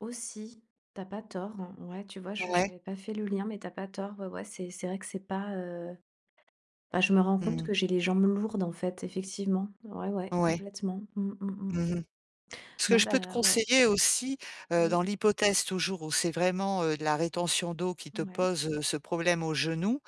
Aussi. Tu as pas tort, hein. Ouais, tu vois, je Ouais. j'avais pas fait le lien, mais tu as pas tort. Ouais, ouais, c'est c'est vrai que c'est pas, heu bah, je me rends compte Mmh. que j'ai les jambes lourdes, en fait, effectivement. Ouais, ouais, Ouais. complètement. Mmh, mh mh. Mmh mh. Ce que Non, je peux te bah, ouais. conseiller aussi, heu, dans Oui. l'hypothèse, toujours, où c'est vraiment, heu, de la rétention d'eau qui te Ouais. pose, heu, ce problème au genou.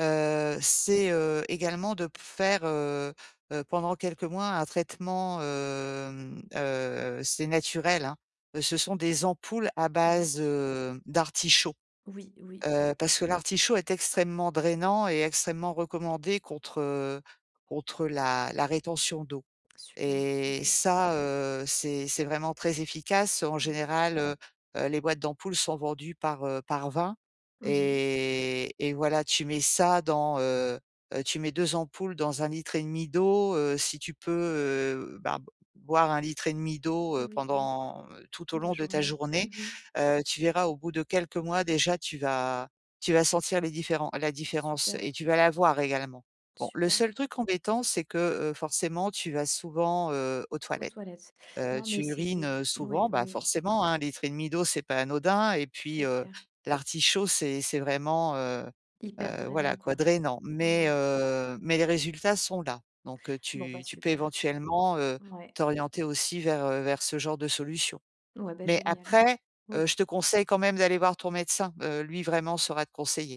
Heu, c'est, heu, également de p faire, heu, heu, pendant quelques mois, un traitement, hem, heu, heu, c'est naturel, hein. Heu, ce sont des ampoules à base, Oui. heu, d'artichaut. Oui, oui, Heu, oui. parce que l'artichaut est extrêmement drainant et extrêmement recommandé contre, heu, contre la la rétention d'eau Super, et OK. ça, heu, c'est c'est vraiment très efficace. En OK. général, heu, heu, les boîtes d'ampoules sont vendues par, heu, par 20 Mmh mh. et et voilà, tu mets ça dans, heu, heu, tu mets 2 ampoules dans 1 L et demi d'eau, heu. Si tu peux heu, bah, b boire 1 L et demi d'eau, heu, Oui, oui. pendant, heu, tout au La long de ta journée. Mmh journée. mh. Heu, tu verras, au bout de quelques mois déjà, tu vas tu vas sentir les différents la différence Super. et tu vas la voir également. Bon, le Super. seul truc embêtant, c'est que, heu, forcément, tu vas souvent, heu, aux Aux toilettes. toilettes. Heu, Non, mais tu c'est urines, c'est heu, souvent, mouais, bah, oui. forcément, hein, 1 L et demi d'eau, c'est pas anodin et puis, C'est heu, clair. l'artichaut, c'est c'est vraiment, heu, Hyper heu, drainant, voilà, quoi, quoi. drainant. Mais Ouais. heu, mais les résultats sont là. Donc heu, Bon, bah, tu tu peux super. éventuellement, heu, Ouais. t'orienter aussi vers, heu, vers ce genre de solutions. Ouais, bah, Mais génial. après, heu, Oui. je te conseille quand même d'aller voir ton médecin. Heu, lui, vraiment, saura te conseiller.